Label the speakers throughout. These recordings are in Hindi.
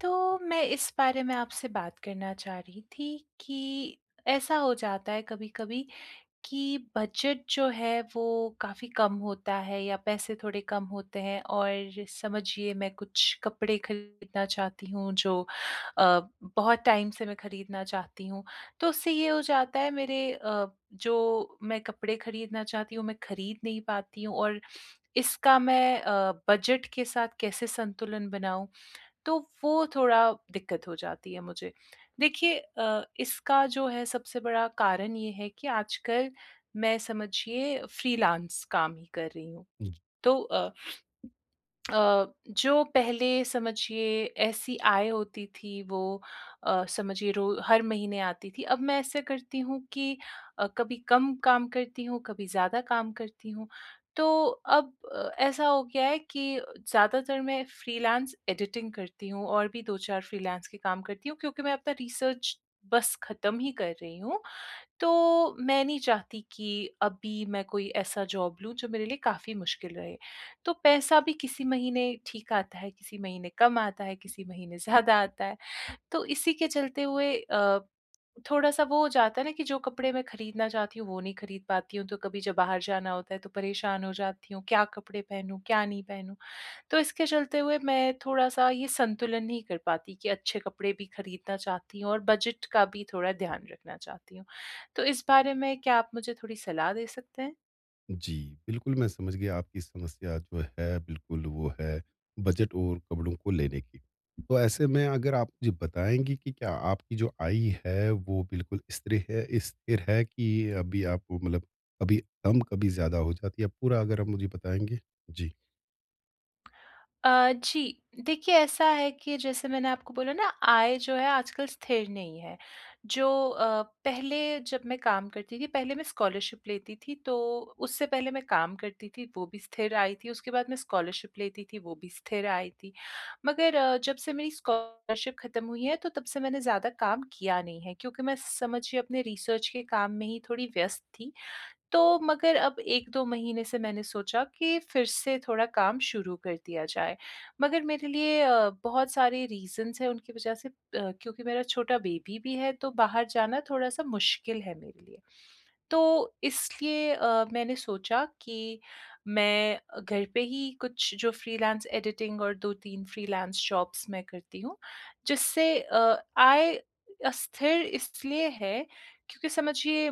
Speaker 1: तो मैं इस बारे में आपसे बात करना चाह रही थी कि, ऐसा हो जाता है कभी-कभी कि बजट जो है वो काफ़ी कम होता है या पैसे थोड़े कम होते हैं और समझिए मैं कुछ कपड़े खरीदना चाहती हूँ जो अ, बहुत टाइम से मैं खरीदना चाहती हूँ तो उससे ये हो जाता है मेरे अ, जो मैं कपड़े खरीदना चाहती हूँ मैं खरीद नहीं पाती हूँ और इसका मैं अ, बजट के साथ कैसे संतुलन बनाऊँ? तो वो थोड़ा दिक्कत हो जाती है मुझे। देखिए अ, इसका जो है सबसे बड़ा कारण ये है कि आजकल मैं समझिए फ्रीलांस काम ही कर रही हूँ।
Speaker 2: हुँ।
Speaker 1: तो अ अ, जो पहले समझिए ऐसी आय होती थी वो अ, समझिए रो हर महीने आती थी, अब मैं ऐसा करती हूँ कि अ, कभी कम काम करती हूँ, कभी ज़्यादा काम करती हूँ। तो अब ऐसा हो गया है कि ज़्यादातर मैं फ्रीलांस एडिटिंग करती हूँ और भी 2-4 फ्रीलांस के काम करती हूँ क्योंकि मैं अपना रिसर्च बस ख़त्म ही कर रही हूँ, तो मैं नहीं चाहती कि अभी मैं कोई ऐसा जॉब लूँ जो मेरे लिए काफ़ी मुश्किल रहे। तो पैसा भी किसी महीने ठीक आता है किसी महीने कम आता है, किसी महीने ज़्यादा आता है। तो इसी के चलते हुए अ, थोड़ा-सा वो हो जाता है ना, कि जो कपड़े मैं ख़रीदना चाहती हूँ वो नहीं ख़रीद पाती हूँ। तो कभी जब बाहर जाना होता है तो परेशान हो जाती हूँ क्या कपड़े पहनूँ, क्या नहीं पहनूँ? तो इसके चलते हुए मैं थोड़ा-सा ये संतुलन नहीं कर पाती कि अच्छे कपड़े भी ख़रीदना चाहती हूँ और बजट का भी थोड़ा ध्यान रखना चाहती हूँ। तो इस बारे में क्या आप मुझे थोड़ी सलाह दे सकते हैं?
Speaker 2: जी, बिल्कुल, मैं समझ गया आपकी समस्या जो है बिल्कुल, वो है बजट और कपड़ों को लेने की। तो ऐसे में अगर आप मुझे बताएँगी कि क्या आपकी जो आय है वो बिल्कुल स्त्रे है स्थिर है की अभी आपको मतलब कभी कम कभी ज़्यादा हो जाती है पूरा अगर आप मुझे बताएँगे। जी।
Speaker 1: अ, जी देखिए ऐसा है कि जैसे मैंने आपको बोला ना आय जो है आजकल स्थिर नहीं है। जो अ, पहले जब मैं काम करती थी, पहले मैं स्कॉलरशिप लेती थी, तो उससे पहले मैं काम करती थी, वो भी स्थिर आय थी, उसके बाद मैं स्कॉलरशिप लेती थी, वो भी स्थिर आय थी, मगर जब से मेरी स्कॉलरशिप ख़त्म हुई है तो तब से मैंने ज़्यादा काम किया नहीं है क्योंकि मैं समझिए अपने रिसर्च के काम में ही थोड़ी व्यस्त थी। तो मगर अब 1-2 महीने से मैंने सोचा कि फिर से थोड़ा काम शुरू कर दिया जाए। मगर मेरे लिए अ, बहुत सारे रीज़न्स हैं उनकी वजह से अ, क्योंकि मेरा छोटा बेबी भी है तो बाहर जाना थोड़ा-सा मुश्किल है मेरे लिए। तो इसलिए अ, मैंने सोचा कि मैं अ, घर पे ही कुछ जो फ्रीलांस एडिटिंग और 2-3 फ्रीलांस जॉब्स मैं करती हूँ, जिससे अ, आय अस्थिर इसलिए है क्योंकि समझिए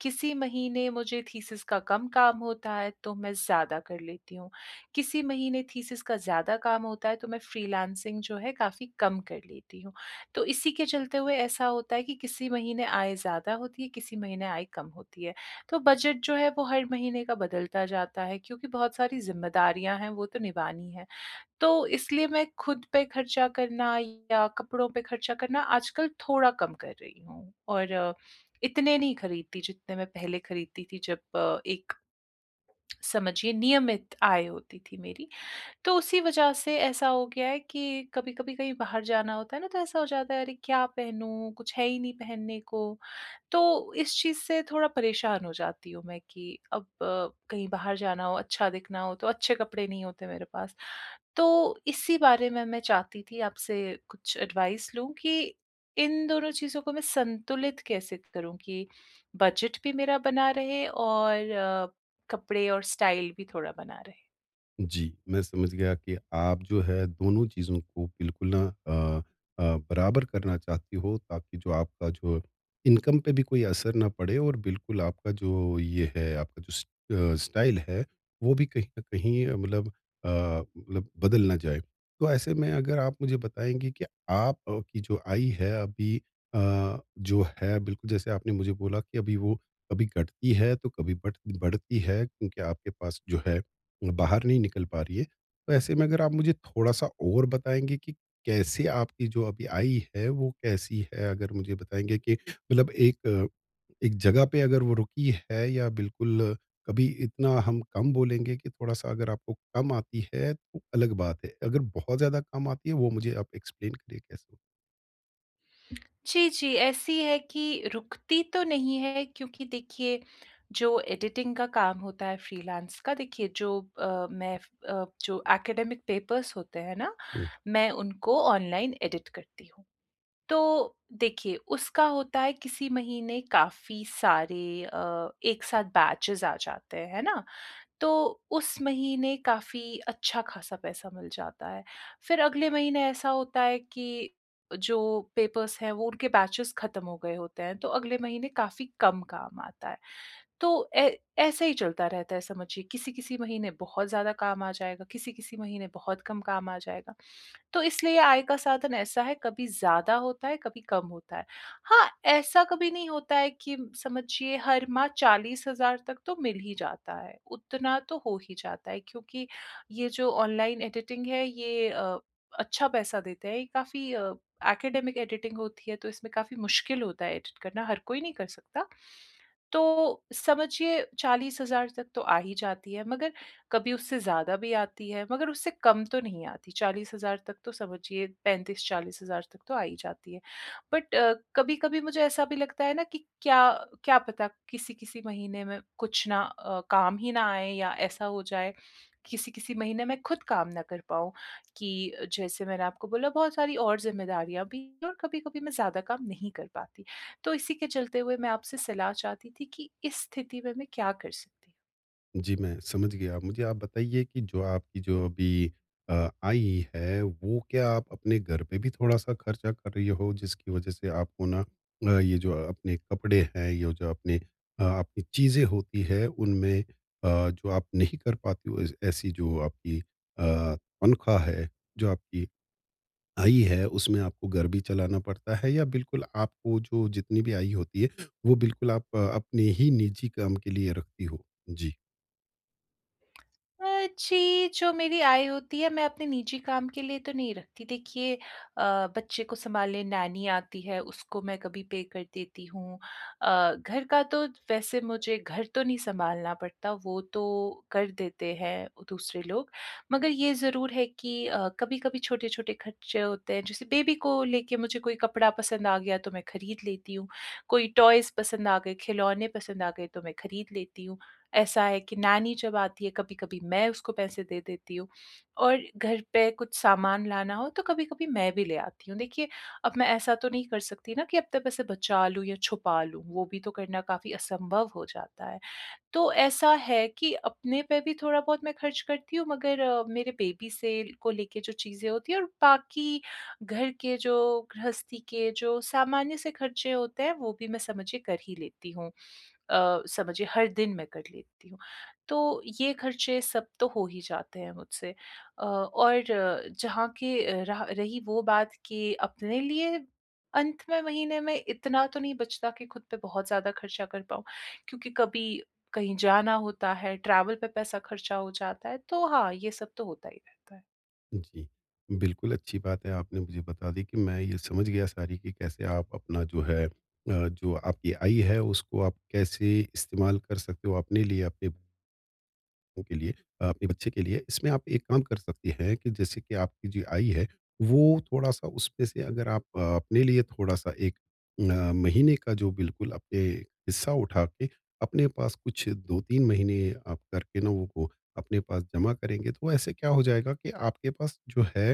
Speaker 1: किसी महीने मुझे थीसिस का कम काम होता है तो मैं ज़्यादा कर लेती हूँ। किसी महीने थीसिस का ज़्यादा काम होता है तो मैं फ्रीलांसिंग जो है काफ़ी कम कर लेती हूँ। तो इसी के चलते हुए ऐसा होता है कि किसी महीने आय ज़्यादा होती है, किसी महीने आय कम होती है। तो बजट जो है वो हर महीने का बदलता जाता है, क्योंकि बहुत सारी ज़िम्मेदारियाँ हैं वो तो निभानी है। तो इसलिए मैं ख़ुद पे खर्चा करना या कपड़ों पे खर्चा करना आजकल थोड़ा कम कर रही हूँ और इतने नहीं खरीदती जितने मैं पहले खरीदती थी जब एक समझिए नियमित आय होती थी मेरी, तो उसी वजह से ऐसा हो गया है कि कभी-कभी कहीं बाहर जाना होता है ना तो ऐसा हो जाता है अरे क्या पहनूँ कुछ है ही नहीं पहनने को, तो इस चीज़ से थोड़ा परेशान हो जाती हूँ मैं कि अब अ, कहीं बाहर जाना हो, अच्छा दिखना हो तो अच्छे कपड़े नहीं होते मेरे पास, तो इसी बारे में मैं चाहती थी आपसे कुछ एडवाइस लूँ कि इन दोनों चीज़ों को मैं संतुलित कैसे करूँ कि बजट भी मेरा बना रहे और अ, कपड़े और स्टाइल भी थोड़ा बना रहे।
Speaker 2: जी, मैं समझ गया कि आप जो है दोनों चीज़ों को बिल्कुल ना अ अ, बराबर करना चाहती हो ताकि जो आपका जो इनकम पे भी कोई असर ना पड़े और बिल्कुल आपका जो ये है, आपका जो स स्टाइल है वो भी कहीं न कहीं मतलब अ, मतलब बदल ना जाएँ। तो ऐसे में अगर आप मुझे बताएँगी कि आपकी जो आय है अभी अ, जो है बिल्कुल जैसे आपने मुझे बोला कि अभी वो कभी घटती है तो कभी बढ़ बढ़ती है क्योंकि आपके पास जो है, बाहर नहीं निकल पा रही है। तो ऐसे में अगर आप मुझे थोड़ा-सा और बताएँगे कि कैसे आपकी जो अभी आय है वो कैसी है? अगर मुझे बताएँगे कि मतलब एक एक जगह पे अगर वो रुकी है या बिल्कुल कभी इतना हम कम बोलेंगे कि थोड़ा-सा अगर आपको कम आती है तो अलग बात है, अगर बहुत ज़्यादा कम आती है वो मुझे आप एक्सप्लेन करिए कैसे?
Speaker 1: जी, जी, ऐसी है कि रुकती तो नहीं है क्योंकि देखिए जो एडिटिंग का काम होता है फ्रीलांस का देखिए जो अ, मैं अ, जो ऐकडेमिक पेपर्स होते हैं ना,
Speaker 2: हुँ।
Speaker 1: मैं उनको ऑनलाइन एडिट करती हूँ। तो देखिए उसका होता है किसी महीने काफ़ी सारे अ, एक साथ बैचेज़ आ जाते हैं, है ना? तो उस महीने काफ़ी अच्छा-ख़ासा पैसा मिल जाता है। फिर अगले महीने ऐसा होता है कि जो पेपर्स हैं वो उनके बैचेज़ खत्म हो गए होते हैं, तो अगले महीने काफ़ी कम काम आता है, तो ऐ ऐसा ही चलता रहता है समझिए। किसी-किसी महीने बहुत ज़्यादा काम आ जाएगा, किसी-किसी महीने बहुत कम काम आ जाएगा। तो इसलिए आय का साधन ऐसा है, कभी ज़्यादा होता है, कभी कम होता है। हाँ, ऐसा कभी नहीं होता है कि समझिए हर माह 40,000 तक तो मिल ही जाता है, उतना तो हो ही जाता है क्योंकि ये जो ऑनलाइन एडिटिंग है ये अ, अच्छा पैसा देते हैं, ये काफ़ी अ, ऐकडेमिक एडिटिंग होती है तो इसमें काफ़ी मुश्किल होता है एडिट करना हर कोई नहीं कर सकता। तो समझिए 40,000 तक तो आ ही जाती है, मगर कभी उससे ज़्यादा भी आती है, मगर उससे कम तो नहीं आती। 40,000 तक तो समझिए 35,000-40,000 तक तो आ ही जाती है। बट कभी-कभी मुझे ऐसा भी लगता है ना कि क्या क्या पता? किसी-किसी महीने में कुछ ना अ, काम ही ना आएँ या ऐसा हो जाएँ, किसी-किसी महीने में ख़ुद काम ना कर पाऊँ कि जैसे मैंने आपको बोला बहुत सारी और ज़िम्मेदारियाँ भी हैं और कभी-कभी मैं ज़्यादा काम नहीं कर पाती। तो इसी के चलते हुए मैं आपसे सलाह चाहती थी कि इस स्थिति में मैं क्या कर सकती हूँ?
Speaker 2: जी मैं, समझ गया। अब मुझे आप बताइए कि जो आपकी जो अभी अ, आय है वो क्या आप अपने घर पे भी थोड़ा-सा खर्चा कर रही हो जिसकी वजह से आपको ना अ, ये जो अपने कपड़े हैं, ये जो अपने आपकी चीज़ें होती हैं उनमें अ, जो आप नहीं कर पाती हो ए ऐसी जो आपकी अ, तनख्वाह है जो आपकी आय है उसमें आपको घर भी चलाना पड़ता है या बिल्कुल आपको जो जितनी भी आय होती है, वो बिल्कुल आप अपने ही निजी काम के लिए रखती हो? जी।
Speaker 1: अ, जी जो मेरी आय होती है मैं अपने निजी काम के लिए तो नहीं रखती देखिए अ, बच्चे को संभालने नैनी आती है उसको मैं कभी पे कर देती हूँ अ, घर का तो वैसे मुझे घर तो नहीं संभालना पड़ता वो तो कर देते हैं दूसरे लोग, मगर ये ज़रूर है कि अ, कभी-कभी छोटे-छोटे खर्चे होते हैं जैसे बेबी को लेके मुझे कोई कपड़ा पसंद आ गया तो मैं खरीद लेती हूँ। कोई टॉयज़ पसंद आ गए खिलौने पसंद आ गए तो मैं खरीद लेती हूँ। ऐसा है कि नैनी जब आती है कभी-कभी मैं उसको पैसे दे देती हूँ और घर पे कुछ सामान लाना हो तो कभी-कभी मैं भी ले आती हूँ। देखिए, अब मैं ऐसा तो नहीं कर सकती ना कि अपने पैसे बचा लूँ या छुपा लूँ, वो भी तो करना काफ़ी असंभव हो जाता है। तो ऐसा है कि अपने पे भी थोड़ा बहुत मैं खर्च करती हूँ मगर अ, मेरे बेबी से को लेकर जो चीज़ें होती हैं और बाकी घर के जो गृहस्थी के जो सामान्य से खर्चे होते हैं वो भी मैं समझिए कर ही लेती हूँ अ, समझिए हर दिन मैं कर लेती हूँ। तो ये खर्चे सब तो हो ही जाते हैं मुझसे अ, और जहाँ के रहा रही वो बात कि अपने लिए अंत में महीने में इतना तो नहीं बचता कि ख़ुद पे बहुत ज़्यादा खर्चा कर पाऊँ, क्योंकि कभी कहीं जाना होता है ट्रैवल पे पैसा खर्चा हो जाता है तो हाँ, ये सब तो होता ही रहता है।
Speaker 2: हुँ जी। बिल्कुल, अच्छी बात है आपने मुझे बता दी कि मैं ये समझ गया सारी की कैसे आप अपना जो है अ, जो आपकी आय है उसको आप कैसे इस्तेमाल कर सकते हो अपने लिए अपने को के लिए, आपके बच्चे के लिए। इसमें आप एक काम कर सकते हैं कि जैसे कि आपकी जो आय है, वो थोड़ा-सा उसमें से अगर आप अपने लिए थोड़ा-सा एक अ, महीने का जो बिल्कुल अपने हिस्सा उठा के अपने पास कुछ 2-3 महीने आप करके ना वो अपने पास जमा करेंगे तो ऐसे क्या हो जाएगा कि आपके पास जो है,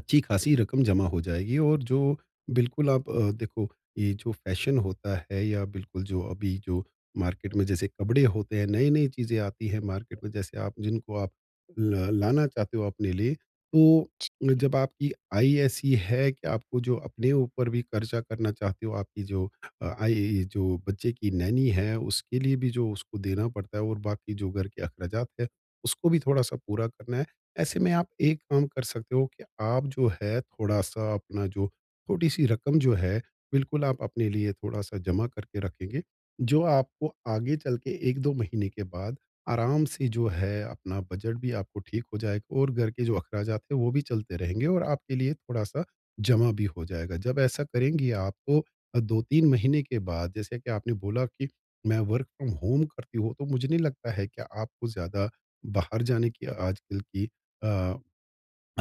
Speaker 2: अच्छी-ख़ासी रक़म जमा हो जाएगी। और जो बिल्कुल, आप अ, देखो ये जो फ़ैशन होता है या बिल्कुल, जो अभी जो मार्केट में जैसे कपड़े होते हैं, नई-नई चीज़ें आती हैं मार्केट में जैसे आप जिनको आप ल लाना चाहते हो अपने लिए, तो जब आपकी आय ऐसी है कि आपको जो अपने ऊपर भी ख़र्चा करना चाहते हो, आपकी जो आय जो बच्चे की नैनी है उसके लिए भी जो उसको देना पड़ता है और बाकी जो घर के अख़राजात है, उसको भी थोड़ा-सा पूरा करना है। ऐसे में आप एक काम कर सकते हो कि आप जो है थोड़ा-सा अपना जो छोटी-सी रक़म जो है, बिल्कुल आप अपने लिए थोड़ा-सा जमा करके रखेंगे, जो आपको आगे चल के 1-2 महीने के बाद आराम से जो है अपना बजट भी आपको ठीक हो जाएगा और घर के जो अख़राजात है वो भी चलते रहेंगे और आपके लिए थोड़ा-सा जमा भी हो जाएगा, जब ऐसा करेंगी आपको 2-3 महीने के बाद जैसे कि आपने बोला की मैं वर्क फ्रॉम होम करती हूँ, तो मुझे नहीं लगता है कि आपको ज़्यादा बाहर जाने की आजकल की अ,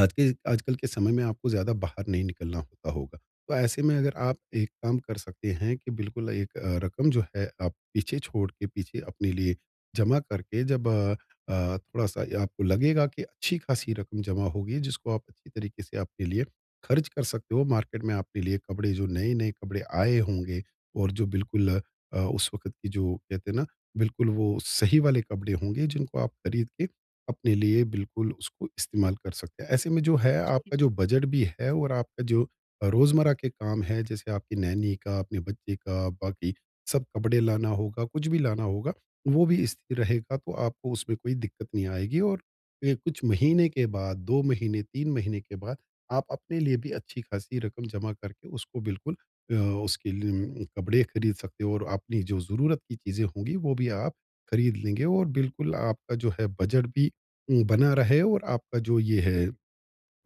Speaker 2: आज के आजकल के समय में आपको ज़्यादा बाहर नहीं निकलना होता होगा, तो ऐसे में अगर आप एक काम कर सकते हैं कि बिल्कुल एक रक़म जो है आप पीछे छोड़ के पीछे अपने लिए जमा करके जब अ अ, थोड़ा-सा आपको लगेगा की अच्छी-ख़ासी रक़म जमा हो गई है जिसको आप अच्छी तरीक़े से आपके लिए ख़र्च कर सकते हो मार्केट में आपके लिए कपड़े जो नए-नए कपड़े आए होंगे और जो बिल्कुल अ, उस वक़्त की जो कहते हैं ना, बिल्कुल वो सही वाले कपड़े होंगे जिनको आप ख़रीद के अपने लिए बिल्कुल उसको इस्तेमाल कर सकते हैं। ऐसे में जो है
Speaker 1: जी, जी।
Speaker 2: आपका जो बजट भी है और आपका जो रोज़मर्रा के काम है जैसे आपकी नैनी का, अपने बच्चे का, बाकी सब कपडे लाना होगा, कुछ भी लाना होगा वो भी स्थिर रहेगा तो आपको उसमें कोई दिक्कत नहीं आएगी और अ, कुछ महीने के बाद, 2 महीने, 3 महीने के बाद आप अपने लिए भी अच्छी-ख़ासी रक़म जमा करके उसको बिल्कुल अ, उसके लिए कपडे ख़रीद सकते हो और आप अपनी जो ज़रूरत की चीज़ें होंगी वो भी आप ख़रीद लेंगे और बिल्कुल आपका जो है बजट भी वो बना रहे और आपका जो ये है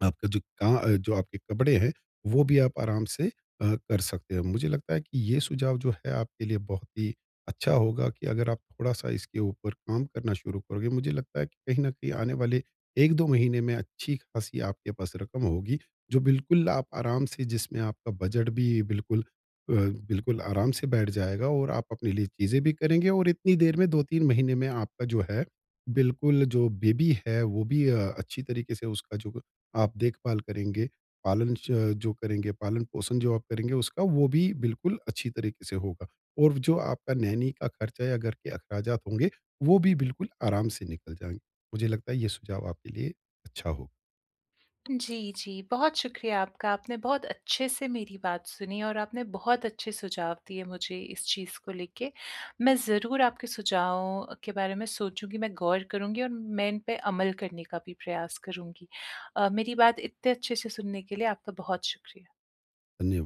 Speaker 2: आपका जो क जो आपके कपडे हैं, वो भी आप आराम से अ, कर सकते हो। मुझे लगता है कि ये सुझाव जो है आपके लिए बहुत ही अच्छा होगा कि अगर आप थोड़ा-सा इसके ऊपर काम करना शुरू करोगे, मुझे लगता है कि कहीं न कहीं आने वाले 1-2 महीने में अच्छी-ख़ासी आपके पास रक़म होगी, जो बिल्कुल आप आराम से जिसमें आपका बजट भी बिल्कुल अ, बिल्कुल आराम से बैठ जाएगा और आप अपने लिए चीजें भी करेंगे और इतनी देर में 2-3 महीने में आपका जो है, बिल्कुल जो बेबी है वो भी अ, अच्छी तरीक़े से उसका जो आप देखभाल करेंगे, पालन च जो करेंगे, पालन-पोषण जो आप करेंगे उसका वो भी बिल्कुल अच्छी तरीक़े से होगा। और जो आपका नैनी का खर्चा या घर के अख़राजात होंगे, वो भी बिल्कुल आराम से निकल जाएँगे। मुझे लगता है ये सुझाव आपके लिए अच्छा हो।
Speaker 1: जी, जी, बहुत शुक्रिया आपका, आपने बहुत अच्छे से मेरी बात सुनी और आपने बहुत अच्छे सुझाव दिए मुझे इस चीज़ को लेके। मैं ज़रूर आपके सुझावों के बारे में सोचूँगी, मैं गौर करुँगी और मैं इनपे अमल करने का भी प्रयास करुँगी। अ, मेरी बात इतने अच्छे से सुनने के लिए आपका बहुत शुक्रिया।
Speaker 2: धन्यवा